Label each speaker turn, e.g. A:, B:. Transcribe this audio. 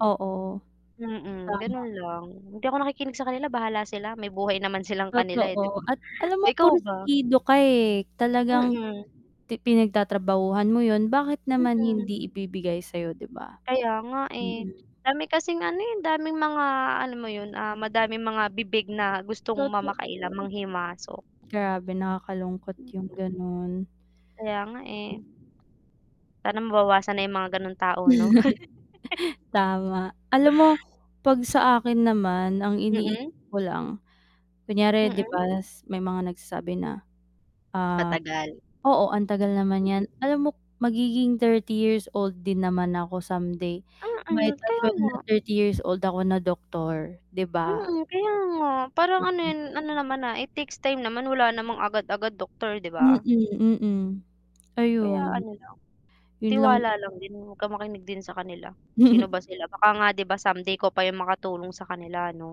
A: Oo.
B: Mm, gano'n
A: Tama.
B: lang hindi ako nakikinig sa kanila bahala sila may buhay naman silang kanila, eh, 'di ba?
A: Totoo at alam mo
B: Ikaw ba?
A: pursigido ka, eh. Talagang
B: Mm.
A: ti pinagtatrabahuhan mo 'yun bakit naman
B: Mm.
A: hindi ibibigay sayo 'di ba?
B: Kaya nga, eh,
A: Mm.
B: dami kasing ano, eh, daming mga alam mo 'yon, ah, madaming mga bibig na gustong ma makialam,
A: Totoo.
B: manghimasok.
A: Grabe nakakalungkot 'yung gano'n.
B: Kaya nga, eh. Sana mabawasan na 'yung mga gano'ng tao 'no?
A: Tama, alam mo 'pag sa akin naman, ang
B: Mm.
A: iniisip ko lang kunyari 'di
B: Mm.
A: ba s may mga nagsasabi na, ah
B: Matagal.
A: oo, "Ang tagal naman
B: Mm.
A: 'yan," alam mo magiging 30 years old din naman ako someday,
B: Mm,
A: might as
B: kaya
A: well na
B: nga.
A: 30 years old ako na doktor, 'di ba?
B: Mm, kaya nga, parang ano 'yun ano naman, ah, it takes time naman wala namang agad-agad doctor 'di ba?
A: Mm, mm,
B: Kaya
A: ayun.
B: ano lang,
A: 'Yun lang
B: tiwala lang din 'wag kang makinig din sa kanila, sino ba sila. Baka nga 'di ba someday ikaw pa 'yung makatulong sa kanila ano.